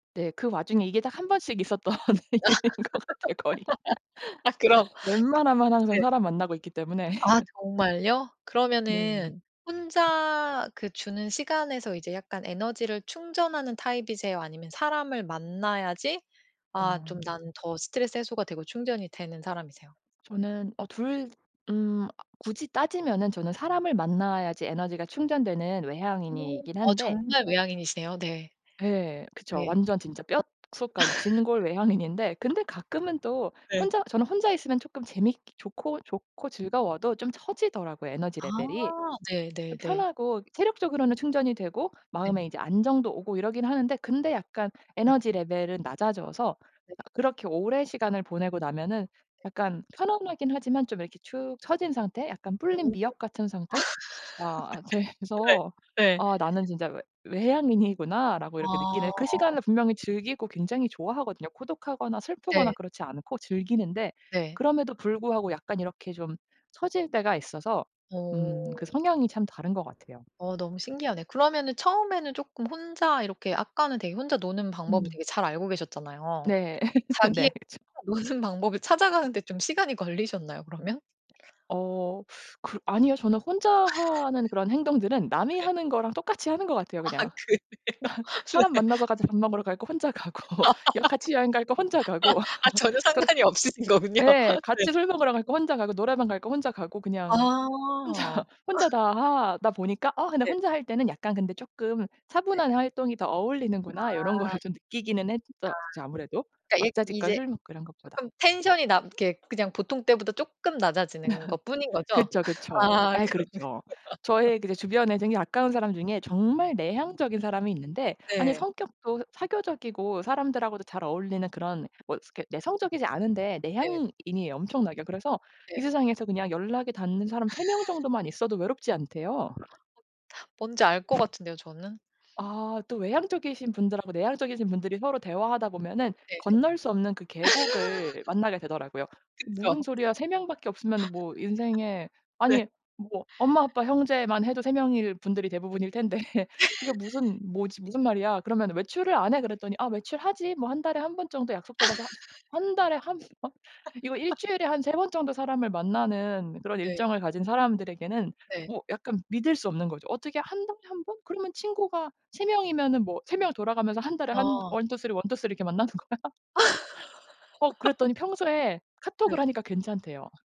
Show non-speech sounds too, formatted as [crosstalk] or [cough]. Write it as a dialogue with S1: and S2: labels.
S1: 네 그 와중에 이게 딱 1 번씩 있었던 일인 것 같아요, 거의.
S2: [laughs] 아 그럼
S1: 웬만하면 항상
S2: 네.
S1: 사람 만나고 있기 때문에.
S2: 아
S1: [laughs]
S2: 정말요? 그러면은
S1: 네.
S2: 혼자 그 주는 시간에서 이제 약간 에너지를 충전하는 타입이세요, 아니면 사람을 만나야지 아
S1: 아.
S2: 좀 나는 더 스트레스 해소가 되고 충전이 되는 사람이세요?
S1: 저는 어 2 음 굳이 따지면은 저는 사람을 만나야지 에너지가 충전되는
S2: 어
S1: 외향인이긴
S2: 어
S1: 한데
S2: 정말 외향인이세요? 네.
S1: 예 그쵸.
S2: 네.
S1: 완전 진짜 뼛속까지
S2: [laughs]
S1: 진골 외향인인데 근데 가끔은 또
S2: 네.
S1: 혼자 저는 혼자 있으면 조금 재밌기 좋고, 좋고 즐거워도 좀 처지더라고요 에너지
S2: 아
S1: 레벨이. 좀
S2: 네네네.
S1: 편하고 체력적으로는 충전이 되고
S2: 네.
S1: 마음에 이제 안정도 오고 이러긴 하는데 근데 약간
S2: 네.
S1: 에너지 레벨은 낮아져서
S2: 네.
S1: 아 그렇게 오랜 시간을 보내고 나면은
S2: 네.
S1: 약간 편안하긴 하지만 좀 이렇게 축 처진 상태? 약간 불린
S2: 오.
S1: 미역 같은 상태?가
S2: [laughs] 네.
S1: 돼서
S2: 네.
S1: '아 나는 진짜 외 외향인이구나.'라고 이렇게 느끼는 그
S2: 아.
S1: 시간을 분명히 즐기고 굉장히 좋아하거든요. 고독하거나 슬프거나
S2: 네.
S1: 그렇지 않고 즐기는데
S2: 네.
S1: 그럼에도 불구하고 약간 이렇게 좀 처질 때가 있어서 음 그
S2: 어.
S1: 성향이 참 다른 것 같아요.
S2: 어 너무 신기하네. 그러면은 처음에는 쪼끔 혼자 이렇게 아까는 되게 혼자 노는 방법을
S1: 음.
S2: 되게 잘 알고 계셨잖아요.
S1: 네. [laughs]
S2: 자기의
S1: 네. 그쵸.
S2: 노는 방법을 찾아가는 데 좀 시간이 걸리셨나요 그러면?
S1: 어 [sucks teeth] 그 아니요. 저는 혼자 하는
S2: [laughs]
S1: 그런 행동들은 남이
S2: 네.
S1: 하는 거랑 똑같이 하는 것 같아요
S2: 아
S1: 그냥.
S2: 그래요?
S1: [laughs] 사람
S2: 네.
S1: 만나서 같이 밥 먹으러 갈 거 혼자 가고. 이렇게 같이 여행 갈 거 혼자 가고.
S2: [laughs] 아 전혀
S1: [laughs] 그
S2: 상관이 없으신 거군요.
S1: 네.
S2: 네.
S1: 같이 술 먹으러 갈 거 혼자 가고 노래방 갈 거 혼자 가고. 그냥 혼자,
S2: 아.
S1: 혼자
S2: [laughs]
S1: 다 하다 보니까. '아 근데
S2: 네.
S1: 혼자 할 때는 약간 근데 쪼끔
S2: 네.
S1: 차분한 활동이 더 어울리는구나.' 요런
S2: 아. 아.
S1: 거를 좀 느끼기는 했었죠. 아무래도
S2: 그니까 약
S1: 왁자지껄
S2: 이제
S1: 술 먹고 이런 것보다.
S2: 쪼끔 텐션이 낮 이렇게 그냥 보통 때보다 쪼끔 낮아지는 것 뿐인
S1: [laughs]
S2: 거죠?
S1: 그쵸,
S2: [laughs]
S1: 그쵸.
S2: 아
S1: 예
S2: 그러면.
S1: 그렇죠. 저의
S2: [laughs]
S1: 그 주변에 되게 가까운 사람 중에 정말 내향적인 사람이 있는데 아니
S2: 네.
S1: 성격도 사교적이고 사람들하고도 잘 어울리는 그런 뭐 스 그니까 내성적이지 않은데
S2: 네.
S1: 내향인이에요 엄청나게. 그래서
S2: 네.
S1: 이 세상에서 그냥 연락이 닿는 사람 3 명
S2: [laughs]
S1: 정도만 있어도 외롭지 않대요.
S2: 어 뭔지 알 것 같은데요 저는.
S1: 아 또 외향적이신 분들하고 내향적이신 분들이 서로 대화하다 보면은
S2: 네네.
S1: 건널 수 없는 그 계곡을
S2: [laughs]
S1: 만나게 되더라고요. "무슨
S2: 그쵸.
S1: 소리야? 3 명밖에 없으면은
S2: [laughs]
S1: 뭐 인생에
S2: 네.
S1: 아니 뭐 엄마, 아빠, 형제만 해도 3 명일 분들이 대부분일 텐데 [laughs] 그게
S2: [laughs]
S1: 무슨 뭐지 무슨 말이야? 그러면 외출을 안 해?" 그랬더니 "아 외출 하지. 뭐 1 달에 1 번 정도 약속 잡아서." 진짜.
S2: [laughs]
S1: "1 달에 1 [laughs] 번?" 이거
S2: [laughs]
S1: 일주일에 한 3 번 정도 사람을 만나는 그런
S2: 네.
S1: 일정을 가진 사람들에게는
S2: 네.
S1: 뭐 약간 믿을 수 없는 거죠. "어떻게 1 달에 1 번? 그러면 친구가 3 명이면은 뭐 3 명 돌아가면서 1 달에 한
S2: 어.
S1: 1-2-3, 1-2-3 이렇게 만나는 거야?" [laughs] 어
S2: [laughs]
S1: 그랬더니 평소에 카톡을
S2: 네.
S1: 하니까 괜찮대요.